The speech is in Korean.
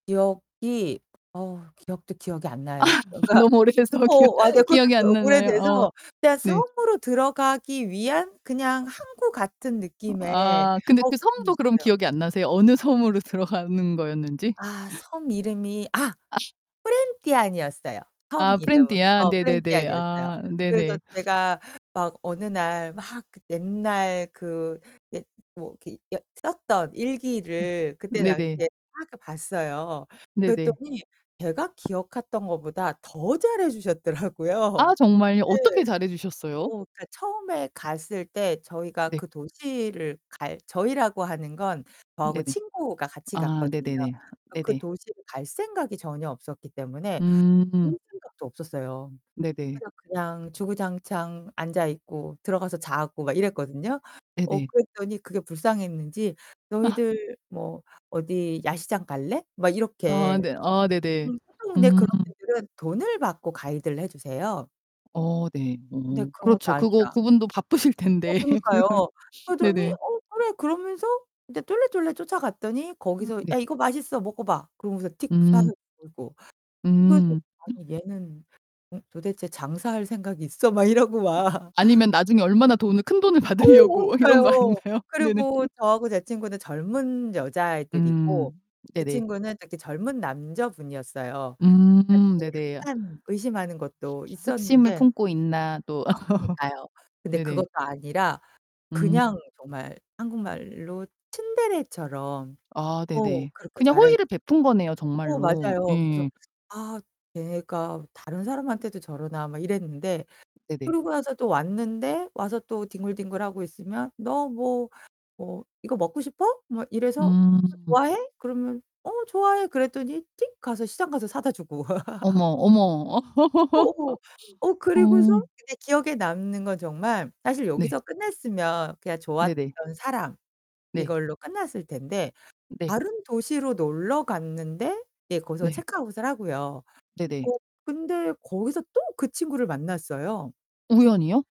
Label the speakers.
Speaker 1: 기억이 어, 기억도 기억이 안
Speaker 2: 아,
Speaker 1: 나요. 그러니까
Speaker 2: 너무 오래돼서 막 기억
Speaker 1: 어, 맞아요. 그러니까
Speaker 2: 기억이 안 나나요? 어,
Speaker 1: 오래돼서 그냥
Speaker 2: 네.
Speaker 1: 섬으로 들어가기 위한 그냥 항구 같은
Speaker 2: 어
Speaker 1: 느낌의
Speaker 2: 아, 근데 그
Speaker 1: [unintelligible]
Speaker 2: 섬도 그럼
Speaker 1: 어요.
Speaker 2: 기억이 안 나세요? 어느 섬으로 들어가는 거였는지?
Speaker 1: 아, 섬 이름이 아
Speaker 2: 아.
Speaker 1: 쁘렌티안이었어요. 섬
Speaker 2: 아,
Speaker 1: 이름은
Speaker 2: 쁘렌티안.
Speaker 1: 어
Speaker 2: 네네네.
Speaker 1: 쁘렌티안이었어요.
Speaker 2: 아
Speaker 1: 그래서
Speaker 2: 네네.
Speaker 1: 제가 막 어느 날 막 그 옛날 그 옛 뭐 이렇게 여 썼던
Speaker 2: 음
Speaker 1: 일기를 그때 당시에
Speaker 2: 네네.
Speaker 1: 막 이렇게 봤어요.
Speaker 2: 네네.
Speaker 1: 그랬더니 제가 기억했던 것보다 더 잘해 주셨더라고요.
Speaker 2: 아, 정말요? 어떻게
Speaker 1: 네.
Speaker 2: 잘해
Speaker 1: 어
Speaker 2: 주셨어요?
Speaker 1: 그러니까 처음에 갔을 때 저희가
Speaker 2: 네.
Speaker 1: 그 도시를 갈 저희라고 하는 건 저하고
Speaker 2: 네네.
Speaker 1: 친구가 같이
Speaker 2: 아,
Speaker 1: 갔거든요.
Speaker 2: 네네네.
Speaker 1: 그러니까 그
Speaker 2: 네네.
Speaker 1: 도시를 갈 생각이 전혀 없었기 때문에.
Speaker 2: 음.
Speaker 1: 볼 생각도 없었어요.
Speaker 2: 네네.
Speaker 1: 그래서 그냥 주구장창 앉아 있고 들어가서 자고 막 이랬거든요. 어
Speaker 2: 네네.
Speaker 1: 그랬더니 그게 불쌍했는지
Speaker 2: 아.
Speaker 1: "너희들 뭐 어디 야시장 갈래?" 막
Speaker 2: 아
Speaker 1: 이렇게.
Speaker 2: 네 아, 네네.
Speaker 1: 음 [unintelligible]
Speaker 2: 음.
Speaker 1: 그런 분들은 돈을 받고 가이드를 해 주세요.
Speaker 2: 어,
Speaker 1: 근데
Speaker 2: 어어.
Speaker 1: 그런 것도
Speaker 2: 그렇죠. 그거
Speaker 1: 아니야.
Speaker 2: 그분도 바쁘실
Speaker 1: 어,
Speaker 2: 텐데.
Speaker 1: 그러니까요.
Speaker 2: 그러면
Speaker 1: 그러더니
Speaker 2: 네네.
Speaker 1: 어 그래 그러면서 이제 쫄래쫄래 쫓아갔더니
Speaker 2: 음
Speaker 1: 거기서
Speaker 2: 네.
Speaker 1: "야, 이거 맛있어, 먹어 봐." 그러면서 틱
Speaker 2: 음.
Speaker 1: 사서 주고. 그래서
Speaker 2: 음.
Speaker 1: '아니, 얘는 도대체 장사할 생각이 있어?' 막 이러고
Speaker 2: 어
Speaker 1: 막.
Speaker 2: 아니면 나중에 얼마나 돈을 큰 돈을
Speaker 1: 어우,
Speaker 2: 받으려고 이런 거
Speaker 1: 그러니까요.
Speaker 2: 아닌가요? 네네.
Speaker 1: 그리고 저하고 제 친구는 젊은 여자애들이고
Speaker 2: 음,
Speaker 1: 그
Speaker 2: 네네.
Speaker 1: 친구는 그때 젊은 남자분이었어요. 그러니까
Speaker 2: 음음
Speaker 1: 그
Speaker 2: 네네.
Speaker 1: 약간 의심하는 것도
Speaker 2: 아 흑심을
Speaker 1: 있었는데.
Speaker 2: 품고 있나 또
Speaker 1: 아, 그니까요. 근데
Speaker 2: 네네.
Speaker 1: 그것도 아니라 그냥
Speaker 2: 음.
Speaker 1: 정말 한국말로 츤데레처럼
Speaker 2: 아,
Speaker 1: 어,
Speaker 2: 네네.
Speaker 1: 그렇게
Speaker 2: 그냥
Speaker 1: 잘해
Speaker 2: 호의를 베푼 거네요,
Speaker 1: 어,
Speaker 2: 정말로.
Speaker 1: 맞아요. 그래서
Speaker 2: 예예.
Speaker 1: '아, 얘가 다른 사람한테도 저러나.' 막 이랬는데
Speaker 2: 네네.
Speaker 1: 그러고 나서 또 왔는데 와서 또 뒹굴뒹굴하고 있으면 "너 뭐 뭐 이거 먹고 싶어? 막 이래서 이거
Speaker 2: 음.
Speaker 1: 좋아해?" 그러면 "어, 좋아해." 그랬더니 띡 가서 시장 가서 사다 주고.
Speaker 2: 어머 어머. 어.
Speaker 1: 어어. 어,
Speaker 2: 어.
Speaker 1: 그리고서는 이제 기억에 남는 건 정말 사실
Speaker 2: 네.
Speaker 1: 여기서 끝났으면 그냥
Speaker 2: 네네.
Speaker 1: 좋았던 사람,
Speaker 2: 네.
Speaker 1: 이걸로 끝났을 텐데
Speaker 2: 네.
Speaker 1: 다른 도시로 놀러 갔는데 이제 거기서
Speaker 2: 네.
Speaker 1: 체크아웃을 하고요. 어,
Speaker 2: 네네.
Speaker 1: 근데 거기서 또 그 친구를 만났어요.
Speaker 2: 우연히요?